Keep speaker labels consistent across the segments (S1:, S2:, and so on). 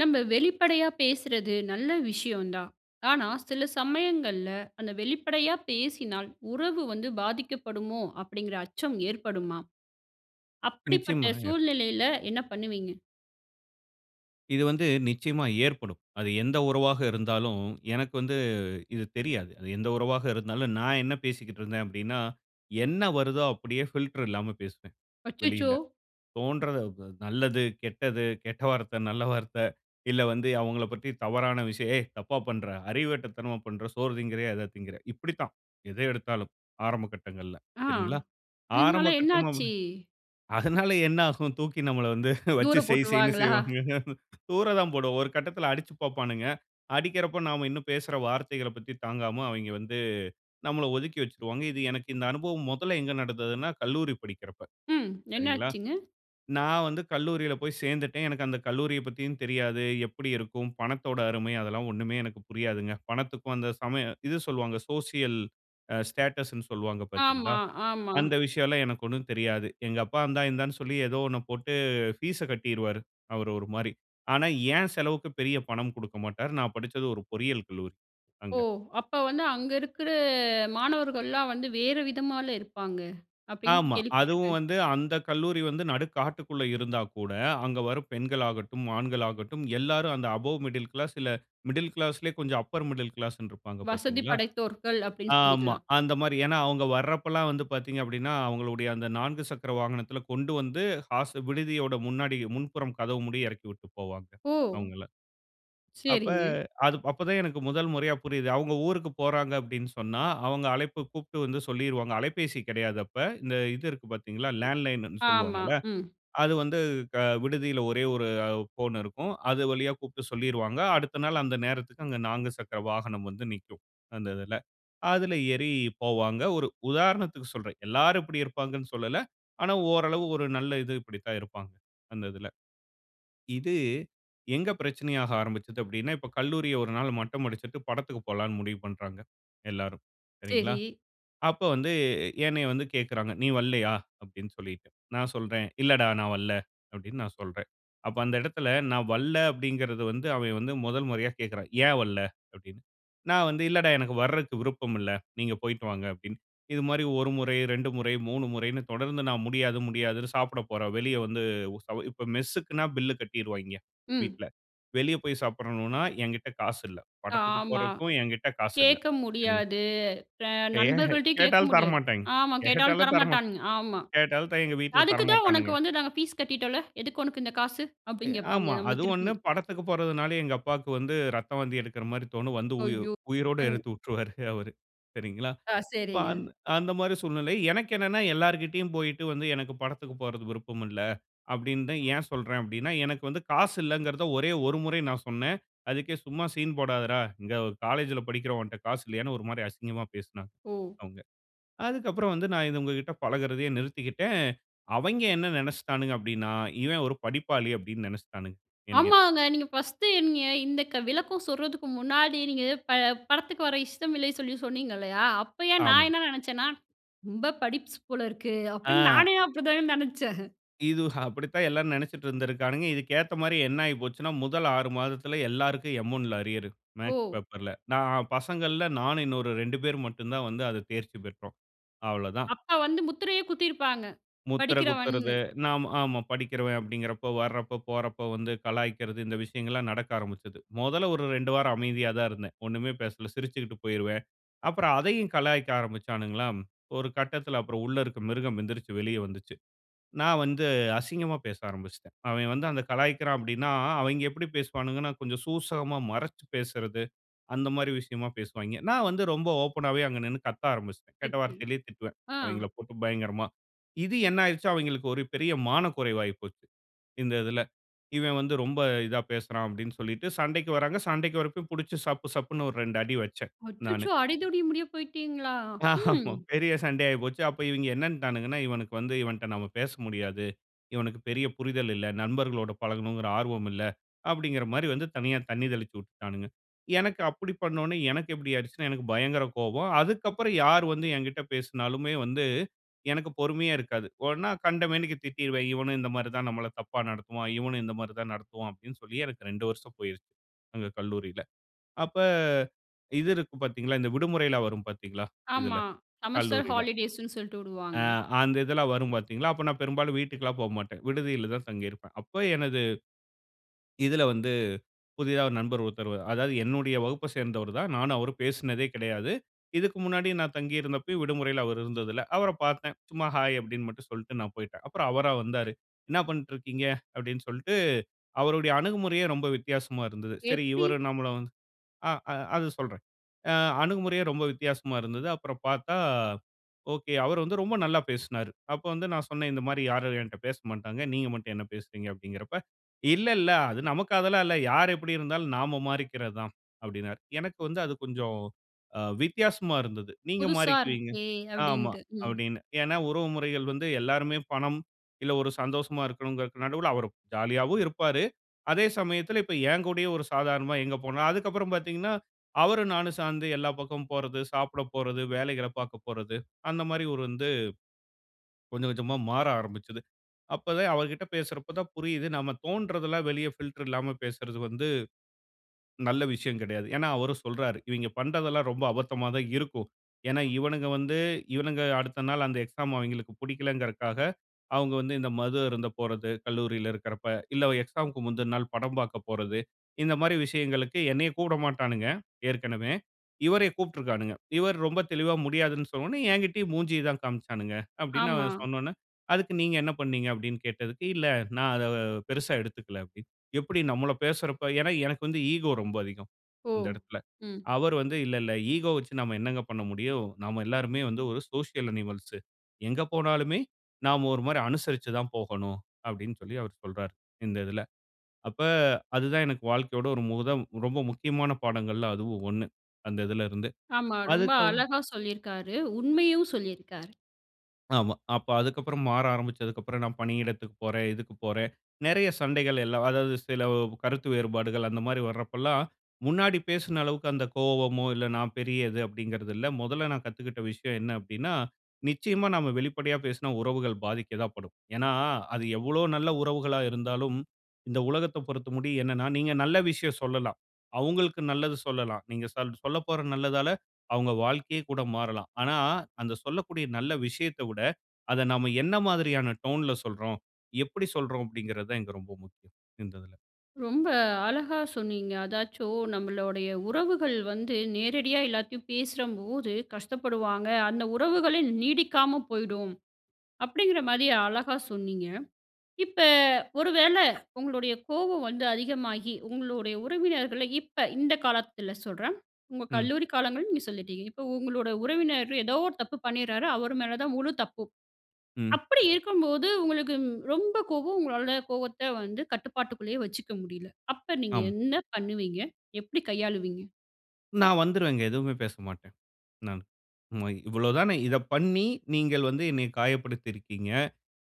S1: நம்ம வெளிப்படையா பேசுறது நல்ல விஷயம் தான். ஆனா, "சில சமயங்கள்ல அந்த வெளிப்படையா பேசினால், உறவு வந்து பாதிக்கப்படுமோ?" அப்படிங்கிற அச்சம் ஏற்படுமா? அப்படிப்பட்ட
S2: நிச்சயமாங்க.
S1: சூழ்நிலையில என்ன பண்ணுவீங்க?
S2: இது வந்து நிச்சயமா ஏற்படும். அது எந்த உறவாக இருந்தாலும் எனக்கு வந்து இது தெரியாது. அது எந்த உறவாக இருந்தாலும், நான் என்ன பேசிக்கிட்டு இருந்தேன் அப்படின்னா, என்ன வருதோ அப்படியே ஃபில்டர் இல்லாம பேசுவேன்,
S1: அச்சச்சோ!
S2: வெளியில. தோன்றத வ நல்லது, கெட்டது, கெட்ட வார்த்தை, நல்ல வார்த்தை, இல்லை வந்து அவங்களைப் பத்தி தவறான விஷயம். "ஏய் தப்பா பண்ற, அறிவு கெட்ட தனமா பண்ற, சோறு திங்கிறியா, எதை தின்கிற?" இப்படித்தான் எதை எடுத்தாலும் ஆரம்ப கட்டங்கள்ல,
S1: ஆ!
S2: சரிங்களா? ஆரம்ப
S1: இதனால
S2: கட்டமா
S1: என்னாச்சு?
S2: [unintelligible] அதனால என்ன ஆகும்? தூக்கி நம்மளை வந்து வச்சு
S1: தூர
S2: செய் செய்னு
S1: போட்டுருவாங்களா?
S2: செய்வாங்கங்க. தூர தான் போடுவோம். ஒரு கட்டத்தில அடிச்சுப் பார்ப்பானுங்க. அடிக்கிறப்ப நாம இன்னும் பேசுற வார்த்தைகளைப் பத்தி தாங்காம, அவைங்க வந்து நம்மள ஒதுக்கி வச்சுருவாங்க. இது எனக்கு இந்த அனுபவம் மொதல்ல எங்க நடந்ததுன்னா, கல்லூரி படிக்குறப்ப.
S1: ம்.
S2: சரிங்களா?
S1: என்னாச்சுங்க?
S2: நான் வந்து கல்லூரியில போய் சேர்ந்துட்டேன். எனக்கு அந்த கல்லூரியப்பத்தியும் தெரியாது. எப்படி இருக்கும்? பணத்தோட அருமை அதெல்லாம் ஒன்னுமே எனக்கு புரியாதுங்க. பணத்துக்கும் அந்த சமயம் இது சொல்லுவாங்க சோசியல் அ ஸ்டேட்டஸ் ன்னு சொல்லுவாங்க பார்த்தீங்களா?
S1: ஆமா, ஆமா.
S2: அந்த விஷயம் எல்லாம் எனக்கு ஒண்ணும் தெரியாது. எங்க அப்பா இந்தா, இந்தான்னு சொல்லி, ஏதோ ஒண்ண போட்டு ஃபீஸ்ஸ கட்டிருவாரு. அவர் ஒரு மாரி. ஆனா என் செலவுக்கு பெரிய பணம் குடுக்கமாட்டார். நான் படிச்சது ஒரு பொறியியல் கல்லூரி
S1: ஓ!
S2: அங்க.
S1: அப்ப வந்து, "அங்க இருக்கிற மாணவர்கள்லாம் வந்து வேறு விதமால்ல இருப்பாங்க." அப்படின்னு
S2: ஆமா. அதுவும்
S1: கேள்விப்பட்டிருக்கேன்.
S2: வந்து அந்த கல்லூரி வந்து நடுக்காட்டுக்குள்ள இருந்தா கூட, அங்க வரும் பெண்கள் ஆகட்டும், ஆண்கள் ஆகட்டும் எல்லாரும் அந்த அபௌவ் மிடில் கிளாஸ், இல்லை மிடில் கிளாஸ்லயே கொஞ்சம் அப்பர் மிடில் கிளாஸ் ன்னு இருப்பாங்க,
S1: "வசதி
S2: பார்த்தீங்களா?
S1: படைத்தோர்கள்" அப்படின்னு
S2: ஆமா,
S1: சொல்லிக்கலாம்.
S2: அந்த மாரி. ஏன்னா அவங்க வர்றப்பலாம் வந்து பார்த்தீங்க அப்படின்னா, அவங்களுடைய அந்த 4 சக்கர வாகனத்தில கொண்டு வந்து, ஹாஸ்டல் விடுதியோட முன்னாடி முன்புறம் கதவு முடிய இறக்கி விட்டு போவாங்க
S1: ஓ!
S2: அவங்கள. அப்ப
S1: சரிங்க.
S2: அது அப்ப தான் எனக்கு முதல் முறையா புரியுது. அவங்க ஊருக்கு போறாங்க அப்படின்னு சொன்னா, அவங்க அழைப்பு கூப்பிட்டு வந்து சொல்லிருவாங்க. அலைபேசி கிடையாது அப்ப. இந்த இது இருக்கு பார்த்தீங்களா, லேண்ட்லைன்னுன்னு
S1: ஆமா,
S2: சொல்லுவாங்கல?
S1: ம்.
S2: அது வந்து க விடுதியில ஒரே 1 அ ஃபோன் இருக்கும். அது வழியா கூப்பிட்டு சொல்லிருவாங்க. அடுத்த நாள் அந்த நேரத்துக்கு அங்க 4 சக்கர வாகனம் வந்து நிக்கும் அந்த இதில. அதில ஏறி போவாங்க. ஒரு உதாரணத்துக்கு சொல்றேன், எல்லாரும் இப்படி இருப்பாங்கன்னு சொல்லல. ஆனா ஓரளவு ஒரு நல்ல இது இப்படித்தான் இருப்பாங்க, அந்த இதில. இது எங்க பிரச்சனையாக ஆரம்பிச்சுது அப்படின்னா, இப்ப கல்லூரியை 1 நாள் மட்டம் அடிச்சுட்டு படத்துக்கு போலாம்னு முடிவு பண்றாங்க எல்லோரும், சரிங்களா?
S1: சரி.
S2: அப்போ வந்து என்னைய வந்து கேட்கிறாங்க, "நீ வரல்லையா?" அப்படின்னு சொல்லிட்டு. நான் சொல்றேன், "இல்லைடா நான் வரல." அப்படின்னு நான் சொல்றேன். அப்போ அந்த இடத்தில, "நான் வரல" அப்படிங்கிறது வந்து அவன் வந்து முதல் முறையா கேட்கிறான், "ஏன் வரல?' அப்படின்னு. நான் வந்து, "இல்லைடா எனக்கு வர்றதுக்கு விருப்பம் இல்ல. நீங்க போய்ட்டு வாங்க" அப்படின்னு. இது மாரி 1 முறை, 2 முறை, 3 முறைன்னு தொடர்ந்து நான் முடியாது, முடியாதுன்னு சாப்பிட போறேன், வெளிய வந்து உ சவ இப்ப மெஸ்ஸுக்குன்னா பில்ல கட்டிருவாய்ங்க,
S1: ம்.
S2: வீட்ல. வெளிய போய் சாப்பிடணும்னா என்கிட்ட காசு இல்லை. படத்துக்கு
S1: ஆமா.
S2: போறதுக்கும் என்கிட்ட காசு இல்லை.
S1: கேட்க
S2: சரிங்
S1: முடியாது. ஃப்ர
S2: கே
S1: நண்பர்கள்ட்டயும் கேட்க
S2: கேட்டாலும்
S1: முடியாது.
S2: தரமாட்டாய்ங்க.
S1: ஆமா கேட்டாலும்
S2: கேட்டாலும் தரமாட்
S1: தரமாட்டானுங்க. ஆமா.
S2: கேட்டாலும் த எங்க வீட்டில
S1: "அதுக்கு தான் உனக்கு
S2: தரமாட்டானுங்க.
S1: வந்து நாங்க ஃபீஸ் கட்டிட்டோம்ல. எதுக்கு உனக்கு இந்த காசு?"
S2: எ
S1: அப்படின்னு கேட்பாங்க,
S2: ஆமா.
S1: நம்மள
S2: அது
S1: திருப்பி.
S2: ஒண்ணு. படத்துக்கு போறதுனாலும் எங்க அப்பாக்கு வந்து இரத்த வாந்தி எடுக்கிற மாரி தோணும். வந்து உயி
S1: அய்யோ!
S2: உயிரோட
S1: [unintelligible]
S2: எடுத்து வுட்டுருவாரு அவர், சரிங்களா?
S1: ஆ,
S2: இப்ப
S1: சரிங்க.
S2: அந் அந்த மாரி சூழ்நிலை. எனக்கு என்னன்னா எல்லார்கிட்டயும் போய்ட்டு வந்து, "எனக்கு படத்துக்கு போறதுக்கு விருப்பம் இல்லை." அப்படின்னு தான் ஏன் சொல்றேன் அப்படின்னா, எனக்கு வந்து காசு இல்லைங்கிறதை ஒரே 1 முறை நான் சொன்னேன். அதுக்கே சும்மா சீன் போடாதடா. இங்க காலேஜ்ல படிக்கிற உன்ட்ட காசு இல்லையான்னு ஒரு மாரி அசிங்கமாக பேசினாங்க,
S1: ஓ!
S2: அவங்க. அதுக்கு அப்பறம் வந்து நான் இத உங்ககிட்ட பழகுறதையே நிறுத்திக்கிட்டேன். அவைங்க என்ன நெனைச்சிட்டானுங்க அப்படின்னா, "இவன் ஒரு படிப்பாளி" அப்படின்னு நெனைச்சிட்டானுங்க, என்னய.
S1: ஆமாங்க. நீங்க 1 நீங்க இந்த க விளக்கம் சொல்றதுக்கு முன்னாடி, நீங்க ப படத்துக்கு வர இஷ்டம் இல்லை சொல்லி சொன்னீங்கல்லையா? அப்பயே
S2: ஆமா.
S1: நான் என்ன நெனைச்சேன்னா, "ரொம்ப படிப்ஸ் போல இருக்கு." அப்படின்னு
S2: ஆ.
S1: நானே அப்படி தாங்க நினைச்சேன்.
S2: இது அப்படித்தான் எல்லாரும் நெனைச்சுட்டு இருந்திருக்கானுங்க. இதுக்கு ஏத்த மாரி என்ன ஆயிப்போச்சுன்னா, முதல் 6 மாதத்துல எல்லாருக்கும் எம் 1ல அரியரு, மேக்ஸ்
S1: ஓ!
S2: பேப்பர்ல. நான் பசங்கள்ல, நானும் இன்னொரு 2 பேர் மட்டும் தான் வந்து அதை தேர்ச்சி பெற்றோம். அவ்வளோ தான்.
S1: அப்பா வந்து முத்திரையே குத்திருப்பாங்க,
S2: முத்திரை குத்துறது,
S1: படிக்கிறவன்னு!
S2: நாம் ஆமா. படிக்கிறவன் அப்படிங்குறப்போ, வர்றப்ப போறப்ப வந்து கலாய்க்கிறது, இந்த விஷயங்கள்லாம் நடக்க ஆரம்பிச்சுது. முதல்ல ஒரு 2 வாரம் அமைதியா தான் இருந்தேன், ஒண்ணுமே பேசல. சிரிச்சுகிட்டு போயிருவேன். அப்பறம் அதையும் கலாய்க்க ஆரம்பிச்சானுங்களா, ஒரு கட்டத்தில அப்பறம் உள்ள இருக்க மிருகம் எந்திரிச்சு வெளிய வந்துச்சு. நான் வந்து அசிங்கமா பேச ஆரம்பிச்சுட்டேன். அவன் வந்து அந்த கலாய்க்கிறான் அப்படின்னா, அவைங்க எப்படி பேசுவானுங்கனா, கொஞ்சம் சூசகமாக மறைச்சு பேசுறது, அந்த மாரி விஷயமா பேசுவாய்ங்க. நான் வந்து ரொம்ப ஓப்பனாவே அங்க நின்னு கத்த ஆரம்பிச்சுட்டேன். கெட்ட
S1: அச்சோ!
S2: வார்த்தையிலேயே திட்டுவேன்,
S1: ஆ.
S2: அவைங்களைப் போட்டு பயங்கரமா. இது என்ன ஆயிருச்சு? அவைங்களுக்கு ஒரு பெரிய மான குறைவு ஆயி போச்சு, இந்த இதில. "இவன் வந்து ரொம்ப இதா பேசுறான்" அப்படின்னு சொல்லிட்டு சண்டைக்கு வர்றாங்க. சண்டைக்கு வர்றப்பயும் புடிச்சு சப்பு, சப்புனு ஒரு 2 அடி வச்சேன், நானு.
S1: அச்சச்சோ! அடிதடி முடிய போயிட்டீங்களா? ம்.
S2: ஆமா. பெரிய சண்டை ஆயிப்போச்சு. அப்ப இவைங்க என்னன்ட்டானுங்கன்னா, "இவனுக்கு வந்து இவன்ட்ட நாம பேச முடியாது. இவனுக்கு பெரிய புரிதல் இல்ல. நண்பர்களோடு பழகணுங்கிற ஆர்வம் இல்ல." அப்படிங்கிற மாரி வந்து தனியா தண்ணி தெளிச்சு விட்டுட்டாணுங்க. எனக்கு அப்படி பண்ண ஒன்னே எனக்கு எப்படி ஆயிடுச்சுன்னா, எனக்கு பயங்கர கோவம். அதுக்கப்பறம் யார் வந்து என்கிட்ட பேசுனாலுமே வந்து எனக்கு பொறுமையே இருக்காது. உடனே கண்ட மேனிக்கு திட்டிடுருவேன். "இவனும் இந்த மாரி தான் நம்மள தப்பா நடத்துவான். இவனும் இந்த மாரி தான் நடத்துவான்." அப்படின்னு சொல்லி எனக்கு 2 வருஷம் போயிருச்சு, அங்க கல்லூரியில. அப்ப இது இருக்கும் பார்த்தீங்களா, இந்த விடுமுறைல்லாம் வரும் பார்த்தீங்களா, இதுல
S1: ஆமா. செமஸ்டர்
S2: கல்லூரியில.
S1: ஹாலிடேஸ் ன்னு சொல்லிட்டு
S2: ஆ
S1: விடுவாங்க.
S2: அந்த இதெல்லாம் வரும் பார்த்தீங்களா, அப்ப நான் பெரும்பாலும் வீட்டுக்கெல்லாம் போகமாட்டேன், விடுதியில தான் தங்கியிருப்பேன். அப்ப எனது இதில வந்து, புதிதா ஒரு நண்பர் ஒருத்தர் வ அதாவது என்னுடைய வகுப்பை சேர்ந்தவர் தான். நானும் அவரும் பேசினதே கெடையாது. இதுக்கு முன்னாடி நான் தங்கியிருந்தப்பயும் விடுமுறையில அவர் இருந்ததில்ல. அவரைப் பார்த்தேன். சும்மா, "ஹாய்" அப்படின்னு மட்டும் சொல்லிட்டு நான் போய்ட்டேன். அப்பறம் அவரா வந்தாரு, "என்னா பண்ணிட்டு இருக்கீங்க?" அப்படின்னு சொல்லிட்டு, அவருடைய அணுகுமுறையே ரொம்ப வித்தியாசமா இருந்தது. சரி
S1: எப்டி?
S2: இவரும் நம்மளு வ ஆ அ அது சொல்றேன். அ அணுகுமுறையே ரொம்ப வித்தியாசமா இருந்தது. அப்பறம் பார்த்தா, ஓகே, அவர் வந்து ரொம்ப நல்லா பேசினாரு. அப்ப வந்து நான் சொன்னேன், "இந்த மாரி யாரும் என்ட்ட பேசமாட்டாங்க. நீங்க மட்டும் என்ன பேசுறீங்க?" அப்படிங்கிறப்ப, "இல்ல, இல்ல. அது நமக்கு அதெல்லாம் இல்ல. யார் எப்படி இருந்தாலும் நாம மாறிக்கிறது தான்" அப்படின்னார். எனக்கு வந்து அது கொஞ்சம் அ வித்தியாசமா இருந்தது. "நீங்க
S1: "புதுசா
S2: மாறிக்குவீங்க
S1: இருக்கே"
S2: ஆமா."
S1: அப்படின்னுட்டு. ம்.
S2: அப்படின்னு. ஏன்னா, உறவு முறைகள் வந்து எல்லாருமே பணம், இல்ல ஒரு சந்தோஷமா இருக்கணும்ங்கிறதுக்கு நடுவுல அவர் ஜாலியாவும் இருப்பாரு, அதே சமயத்தில, இப்ப என் கூடயும் ஒரு சாதாரணமா எங்க போனா அதுக்கப்பறம் பார்த்தீங்கன்னா, அவரும் நானும் சேர்ந்து எல்லா பக்கமும் போறது, சாப்பிட போறது, வேலைகளை பார்க்க போறது அந்த மாரி ஒரு வந்து கொஞ்சம் கொஞ்சமா மாற ஆரம்பிச்சது. அப்பவே அவர்கிட்ட பேசுறப்ப தான் புரியுது, நாம தோன்றதெல்லாம் வெளிய ஃபில்டர் இல்லாம பேசுறது வந்து நல்ல விஷயம் கெடையாது. ஏன்னா அவரும் சொல்றாரு, "இவைங்க பண்றதெல்லாம் ரொம்ப அபத்தமா தான் இருக்கும். ஏன்னா இவனுங்க வந்து இவனுங்க அடுத்த நாள் அந்த எக்ஸாம் அவைங்களுக்கு புடிக்கலங்கறதுக்காக, அவங்க வந்து இந்த மது அருந்த போறது கல்லூரியில இருக்கிறப்ப, இல்ல எக்ஸாம்க்கு முந்துன நாள் படம் பார்க்க போறது." இந்த மாரி விஷயங்களுக்கு என்னையும் கூப்பிட மாட்டானுங்க, ஏற்கனவே. இவரையும் கூப்பிட்டுருக்கானுங்க. இவர் ரொம்ப தெளிவா முடியாதுன்னு சொன்ன உடனே, "என்கிட்டேயும் மூஞ்சிய தான் காண்பிச்சானுங்க" அப்படின்னு
S1: ஆமா.
S2: அவன் சொன்ன உடனே, "அதுக்கு நீங்க என்ன பண்ணினீங்க?" அப்படின்னு கேட்டதுக்கு, "இல்ல நான் அதை பெரிசா எடுத்துக்கல" அப்படின்னு. எப்படி நம்மள பேசுறப்ப? ஏன்னா எனக்கு வந்து ஈகோ ரொம்ப அதிகம்,
S1: ஓ!
S2: அந்த இடத்துல.
S1: ம்.
S2: அவர் வந்து, "இல்ல இல்ல, ஈகோ வைச்சு நம்ம என்னங்க பண்ண முடியும்? நம்ம எல்லோருமே வந்து ஒரு சோசியல் அனிமல்ஸ். எங்க போனாலுமே நாம ஒரு மாரி அனுசரிச்சு தான் போகணும்." அப்படின்னு சொல்லி அவர் சொல்றார், இந்த இதில. அப்ப அது தான் எனக்கு வாழ்க்கையோட ஒரு முதல், ரொம்ப முக்கியமான பாடங்கள்ல அதுவும் 1, அந்த இதில இருந்து.
S1: ஆமா ரொம்ப
S2: அதுக்கு அவ
S1: அழகா சொல்லியிருக்காரு. உண்மையும் சொல்லியிருக்காரு.
S2: ஆமா, அப்ப அதுக்கப்பறம் மாற ஆரம்பிச்சதுக்கப்புறம் நான் பணியிடத்துக்கு போறேன், இதுக்கு போறேன். நெறைய சண்டைகள் எல்லாம் அதாவது சில கருத்து வேறுபாடுகள் அந்த மாரி வர்றப்பல்லாம், முன்னாடி பேசுன அளவுக்கு அந்த கோவமோ, இல்ல, நான் பெரியது அப்படிங்கறது இல்ல. முதல்ல நான் கத்துக்கிட்ட விஷயம் என்ன அப்டின்னா, நிச்சயமா நாம வெளிப்படையா பேசுனா உறவுகள் பாதிக்கதான் படும். ஏன்னா, அது எவ்வளோ நல்ல உறவுகளா இருந்தாலும், இந்த உலகத்த பொறுத்த வரைக்கும் என்னன்னா, நீங்க நல்ல விஷயம் சொல்லலாம். அவுங்களுக்கு நல்லது சொல்லலாம். நீங்க சொல் சொல்லப்போற நல்லதால அவுங்க வாழ்க்கையே கூட மாறலாம். ஆனா, அந்த சொல்லக்கூடிய நல்ல விஷயத்த விட, அத நாம என்ன மாதிரியான டோன்ல சொல்றோம்? எப்படி சொல்றோம்? அப்டிங்கறதுதான் இங்க ரொம்ப முக்கியம் இந்ததுல.
S1: ரொம்ப அழகா சொன்னீங்க. அதாச்சும் நம்மளுடைய உறவுகள் வந்து நேரடியா எல்லாத்தையும் பேசும்போது கஷ்டப்படுவாங்க. அந்த உறவுகளே நீடிக்காம போயுடும். அப்படிங்கற மாரி அழகா சொன்னீங்க. இப்ப ஒரு வேளை உங்களுடைய கோபம் வந்து அதிகமாகி, உங்களுடைய உறவினர்கள இப்ப இந்த காலத்துல சொல்றேன். உங்க
S2: ம்.
S1: கல்லூரி காலங்கள் நீங்க சொல்லிட்டீங்க. இப்ப உங்களோட உறவினரோ ஏதோ ஒரு தப்பு பண்ணிறாரு. அவரு மேல தான் முழு தப்பும்.
S2: ம்.
S1: அப்படி இருக்கும் போது உங்களுக்கு ம் ரொம்ப கோவம். உங்களால கோவத்த வந்து கட்டுப்பாட்டுக்குள்ளயே வச்சுக்க முடியல. அப்ப நீங்க
S2: ஆமா.
S1: என்ன பண்ணுவீங்க? எப்படி கையாளுவீங்க?
S2: நான் வந்துருவேங்க. எதுவுமே பேச மாட்டேன். நானு. ம இவ்வளவுதானே, இத பண்ணி, நீங்கள் வந்து என்னை காயப்படுத்தி இருக்கீங்க!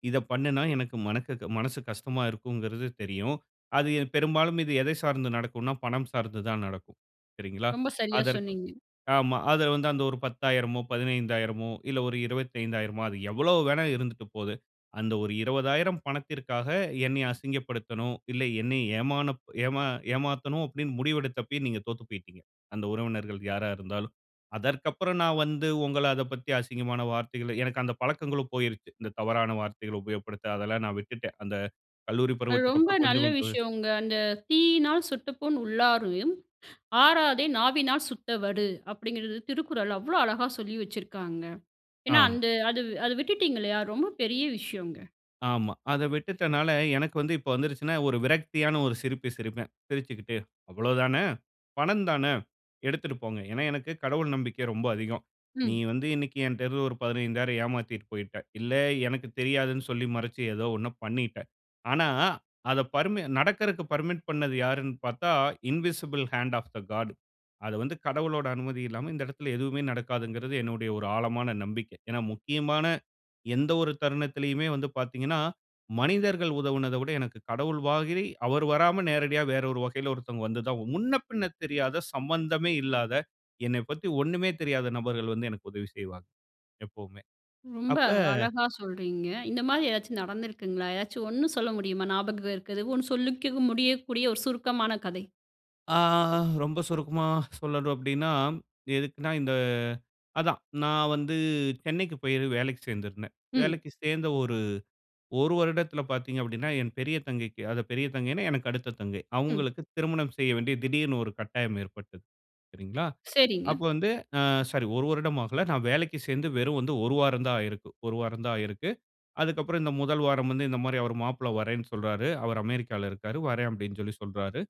S2: இத பண்ணுனா எனக்கு மனக் மனசு கஷ்டமா இருக்குங்கிறது தெரியும். அது பெரும்பாலும் இது எதை சார்ந்து நடக்கும்ன்னா, பணம் சார்ந்து தான் நடக்கும். சரிங்களா?
S1: ரொம்ப சரியா
S2: அதற்கு
S1: சொன்னீங்க.
S2: ஆமா அத வந்து அந்த ஒரு 10,000, 15,000, இல்ல ஒரு 25,000, அது எவ்ளோ வேணா இருந்துட்டு போது. அந்த ஒரு 20,000 பணத்திற்காக, என்னய அசிங்கப்படுத்தணும். இல்ல என்னை ஏமான ஏமா ஏமாத்தணும் அப்டின்னு முடிவெடுத்தப்பவே நீங்க தோத்து போயிட்டீங்க. அந்த உறவினர்கள் யாரா இருந்தாலும். அதற்கப்புறம் நான் வந்து உங்கள அதப்பத்தி அசிங்கமான வார்த்தைகள, எனக்கு அந்த பழக்கங்களும் போயிருச்சு. இந்த தவறான வார்த்தைகள் உபயோகப்படுத்த, அதெல்லாம் நான் விட்டுட்டேன். அந்த கல்லூரி
S1: அது ரொம்ப
S2: பருவத்துக்கப்புறம்
S1: நல்ல
S2: கொஞ்சம் கொஞ்ச
S1: விஷயம்ங்க. அந்த "தீயினால் சுட்டப்புண் உள்ளாறும், ஆறாதே நாவினால் சுட்ட வடு." அப்டிங்கிறது "திருக்குறள்." அவ்ளோ அழகா சொல்லி வச்சிருக்காங்க. ஏன்னா
S2: ஆமா.
S1: அந்த அது அத விட்டுடீங்கில்லியா ரொம்ப பெரிய விஷயம்ங்க.
S2: ஆமா, அத விட்டுட்டனால எனக்கு வந்து இப்ப வந்துருச்சுன்னா, ஒரு விரக்தியான ஒரு சிரிப்பு சிரிப்பேன். சிரிச்சுகிட்டு, அவ்வளவுதான? பணம் தான? எடுத்துட்டு போங்க. ஏன்னா எனக்கு கடவுள் நம்பிக்கை ரொம்ப அதிகம். நீ
S1: ம்
S2: வந்து இன்னைக்கு என்ட்ட இருந்து ஒரு 15,000 ஏமாத்திட்டு போயிட்ட. இல்ல எனக்கு தெரியாதுன்னு சொல்லி மறச்சு, ஏதோ ஒண்ண பண்ணிட்ட. ஆனா அத பர்ம நடக்குறதுக்கு பர்மிட் பண்ணது யாருன்னு பார்த்தா invisible hand of the God. அத வந்து கடவுளோட அனுமதி இல்லாம இந்த இடத்துல எதுவுமே நடக்காதுங்கிறது என்னுடைய ஒரு ஆழமான நம்பிக்க. ஏன்னா முக்கியமான எந்த ஒரு தருணத்துலயுமே வந்து பார்த்தீங்கன்னா, மனிதர்கள் உதவுனத விட எனக்கு கடவுள் மாதிரி அவர் வராம நேரடியா வேறொரு வழியில ஒருத்தவங்க வந்துதான் முன்ன பின்ன தெரியாத, சம்மந்தமே இல்லாத, என்னை பத்தி ஒண்ணுமே தெரியாத நபர்கள் வந்து எனக்கு உதவி செய்வாங்க! எப்பவுமே.
S1: ரொம்ப
S2: அப்ப
S1: அழகா சொல்றீங்க. இந்த மாரி எதாச்சும் நடந்திருக்குங்களா? ஏதாச்சும் 1 சொல்ல முடியுமா? ஞாபகம் இருக்கது. 1 சொல்லிக்க முடியக்கூடிய ஒரு சுருக்கமான கதை.
S2: ஆ ரொம்ப சுருக்கமா சொல்லணும் அப்டின்னா, எதுக்குனா இந்த அதான், நான் வந்து சென்னைக்கு போயி வேலைக்கு சேர்ந்திருந்தேன்.
S1: ம்.
S2: வேலைக்கு சேர்ந்த ஒரு, 1 வருடத்துல பாத்தீங்க அப்டின்னா, என் பெரிய தங்கைக்கு அத பெரிய தங்கைனா, எனக்கு அடுத்த தங்கை
S1: ம்.
S2: அவங்களுக்கு திருமணம் செய்ய வேண்டிய திடீர்னு ஒரு கட்டாயம் ஏற்பட்டது. சரிங்களா,
S1: சரிங்க.
S2: அப்ப வந்து அ சாரி 1 வருடம் ஆகல. நான் வேலைக்கு சேர்ந்து வெறும் வந்து 1 வாரம் தான் ஆயிருக்கும். 1 வாரம் தான் ஆயிருக்கு. அதுக்கப்புறம் இந்த 1 வாரம் வந்து இந்த மாரி அவர் மாப்பிள்ள வர்றேன்னு சொல்றாரு. அவரு அமெரிக்கால இருக்காரு. "வர்றேன்" அப்டின்னு சொல்லி சொல்றாரு.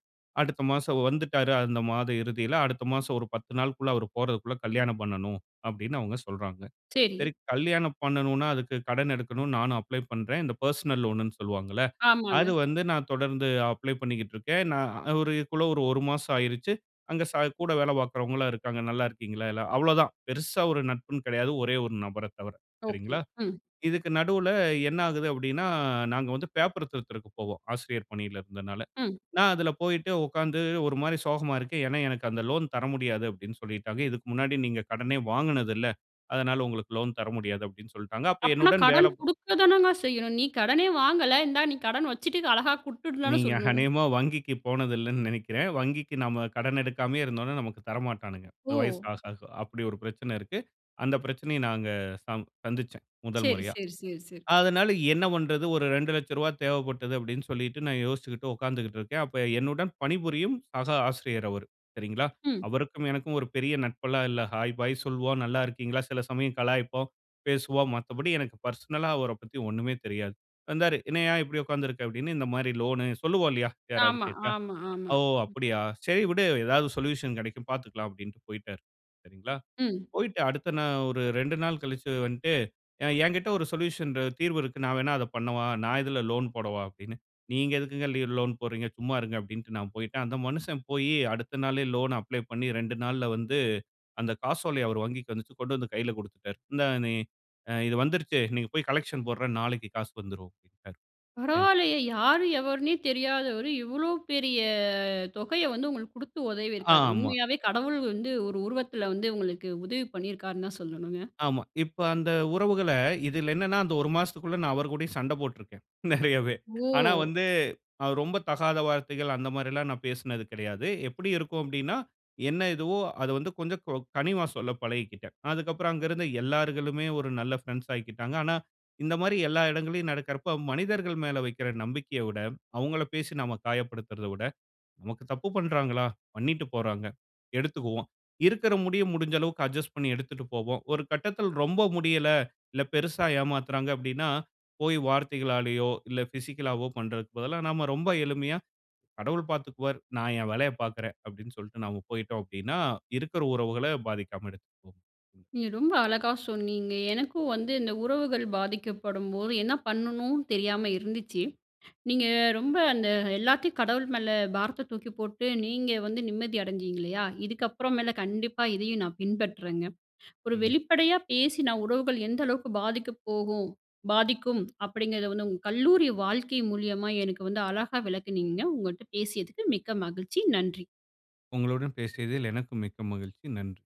S2: அடுத்த மாசம் வந்துட்டாரு. அந்த மாதம் இறுதில, அடுத்த மாசம் ஒரு 10 நாளுக்குள்ள அவரு போறதுகுள்ள கல்யாணம் பண்ணனும். அப்டின்னு அவங்க சொல்றாங்க.
S1: சரி.
S2: சரி கல்யாணம் பண்ணனுன்னா, அதுக்கு கடன் எடுக்கனும். நானும் அப்ளை பண்றேன். இந்த பெர்சனல் லோன்னு சொல்வாங்கல்ல.
S1: ஆமாங்க.
S2: அது வந்து நான் தொடர்ந்து அப்ளை பண்ணிக்கிட்ருக்கேன். நான் அதுக்குள்ள ஒரு 1 மாசம் ஆயிருச்சு. அங்கே ச கூட வேல பார்க்கிறவங்களும் இருக்காங்க. நல்லா இருக்கீங்களா? எல்லா அவ்ளோ தான். பெருசா ஒரு நட்புன்னு கெடையாது, ஒரே ஒரு நபர தவர,
S1: ஓகே.
S2: சரிங்களா.
S1: ம்.
S2: இதுக்கு நடுவுல என்ன ஆகுது அப்டின்னா நாங்க வந்து பேப்பரு திருத்துறதுக்கு போவோம். ஆசிரியர் பணில இருந்தனால.
S1: ம்.
S2: நான் அதுல போயிட்டு உட்காந்து ஒரு மாரி சோகமா இருக்கேன். ஏன்னா எனக்கு அந்த லோன் தர முடியாது அப்டின்னு சொல்லிட்டாங்க. "இதுக்கு முன்னாடி நீங்க கடனே வாங்குனது இல்ல. அதனால உங்களுக்கு லோன் தர முடியாது" அப்படின்னு சொல்டாங்க. அப்ப
S1: அப்பனா
S2: என்னுடன்
S1: கடன்
S2: வேலப்
S1: குடுக்க தானங்க செய்யணும். நீ கடனே வாங்கல, இந்தா நீ கடன் வச்சுட்டு இத அழகா குடுத்துடு தானே
S2: நீங்க
S1: சொல்ணும்.
S2: அநேகமா வங்கிக்கு போனதில்லன்னு நெனைக்கிறேன். வங்கிக்கு நம்ம கடன் எடுக்காமயே இருந்தோன்னா நமக்கு தரமாட்டானுங்க. வயசு
S1: ஓ!
S2: ஆக ஆக அப்படி ஒரு பிரச்சன இருக்கு. அந்த பிரச்சனைய நாங்க ச சந்திச்சேன், முதல்
S1: சரி,
S2: முறையா.
S1: சரி, சரி, சரி.
S2: அதனால என்ன பன்றது ஒரு ரூ.2,00,000 தேவப்பட்டது அப்டின்னு சொல்லிட்டு நான் யோசிச்சுக்கிட்டு உட்காந்துகிட்டு இருக்கேன். அப்ப என்னுடன் பணிபுரியும் சக ஆசிரியர் அவரு. சரிங்களா,
S1: ம்.
S2: அவருக்கும் எனக்கும் ஒரு பெரிய நட்பெலாம் இல்ல. ஹாய், பாய் சொல்வோம். நல்லா இருக்கீங்களா? சில சமயம் கலாய்ப்போம், பேசுவோம், மத்த படி எனக்கு பெர்சனலா அவர பத்தி ஒண்ணுமே தெரியாது. வந்தாரு, என்னயா இப்படி உட்காந்திருக்க அப்படின்னு இந்த மாரி லோனு சொல்லுவோ இல்லயா, யாராவது
S1: ஆமா,
S2: கேட்டா.
S1: ஆமா, ஆமா.
S2: "ஓ!
S1: ம்.
S2: அப்டியா சரி விடு எதாவது சொல்யூஷன் கெடைக்கும் பாத்துக்கலாம்" அப்டின்ட்டு போயிட்டாரு. சரிங்களா,
S1: ம்.
S2: போயிட்டு அடுத்த நா ஒரு 2 நாள் கழிச்சு வன்ட்டு, "ஏன்கிட்ட ஒரு சொல்யூஷன் தீர்வு இருக்கு, நான் வேணா அத பண்ணவா? நான் இதுல லோன் போடவா?" அப்படின்னு. "நீங்க எதுக்குங்க லீ லோன் போடுறீங்க? சும்மா இருங்க" அப்டின்ட்டு நான் போயிட்டேன். அந்த மனுஷன் போயி அடுத்த நாளே லோன் வந்துருச்சு அப்ளை பண்ணி 2 நாள்ல வந்து, அந்த காசோலைய அவர் வங்கிக்கு வந்துச்சு கொண்டு வந்து கைல குடுத்துட்டாரு. "இந்தாங் நீ அ இது வந்துருச்சு. நீங்க போயி கலெக்க்ஷன் போட்ற நாளைக்கு காசு வந்துரும்" அப்டின்ட்டாரு ஏன்ட்ட.
S1: பரவாயில்லையே! யாரு எவர்னே தெரியாதவரு, இவ்ளோ பெரிய தொகைய வந்து உங்களுக்கு குடுத்து உதவியிருக்காரு.
S2: ஆமா.
S1: உண்மையாவே கடவுள் வந்து ஒரு உருவத்துல வந்து, உங்களுக்கு உதவி பண்ணியிருக்காருன்னு தான் சொல்லணுங்க.
S2: ஆமா, இப்ப அந்த உறவுகள, இதுல என்னன்னா அந்த 1 மாசத்துக்குள்ள நான் அவர்கூடையும் சண்டை போட்டுருக்கேன் நெறையவே. ஆனா
S1: ஓ!
S2: வந்து ரொம்ப தகாத வார்த்தைகள் அந்த மாரிலாம் நான் பேசுனது கிடையாது. எப்படி இருக்கும் அப்படின்னா, என்ன இதுவோ அத வந்து கொஞ்சம் கொ கனிவா சொல்ல பழகிக்கிட்டேன். அதுக்கப்புறம் அங்க இருந்த எல்லாருகளுமே ஒரு நல்ல ஃப்ரண்ட்ஸ் ஆய்க்கிட்டாங்க. ஆனா இந்த மாரி எல்லா இடங்களையும் நடக்குறப்ப மனிதர்கள் மேல வைக்கிற நம்பிக்கைய விட, அவங்கள பேசி நாம காயப்படுத்துறத விட, நமக்கு தப்பு பண்றாங்களா? பண்ணிட்டு போறாங்க, எடுத்துக்குவோம். இருக்குற முடிய, முடிஞ்ச அளவுக்கு அட்ஜஸ்ட் பண்ணி எடுத்துட்டு போவோம். ஒரு கட்டத்துல ரொம்ப முடியல, இல்ல பெருசா ஏமாத்துறாங்க அப்டின்னா போய் வார்த்தைகளாலயோ இல்ல பிஸிக்கலாவோ பண்றதுக்கு பதிலா, நாம்ம ரொம்ப எளிமையா கடவுள் பாத்துக்குவார். நான் என் வேலைய பாக்குறேன் அப்டின்னு சொல்ட்டு நாம போயிட்டோம் அப்டின்னா, இருக்குற உறவுகள பாதிக்காம எடுத்துட்டு போக முடியும்.
S1: நீங்க ரொம்ப அழகா சொன்னீங்க. எனக்கும் வந்து, இந்த உறவுகள் பாதிக்கப்படும்போது என்ன பண்ணணுன்னு தெரியாம இருந்துச்சு. நீங்க ரொம்ப அந்த எல்லாத்தையும் கடவுள் மேல, பாரத்த தூக்கி போட்டு நீங்க வந்து நிம்மதி அடைஞ்சீங்க இல்லையா, இதுக்கப்புற மேல கண்டிப்பா இதயும் நான் பின்பற்றேங்க. ஒரு
S2: ம்.
S1: வெளிப்படையா பேசினா உறவுகள் எந்த அளவுக்கு பாதிக்கப் போகும் பாதிக்கும். அப்டிங்கிறத வந்து உங்க, கல்லூரி வாழ்க்கை மூலியமா எனக்கு வந்து அழகா விளக்குனீங்க. உங்கள்ட்ட பேசியதுக்கு மிக்க மகிழ்ச்சி! நன்றி.
S2: உங்களுடன் பேசியதில் எனக்கும் மிக்க மகிழ்ச்சி. நன்றி.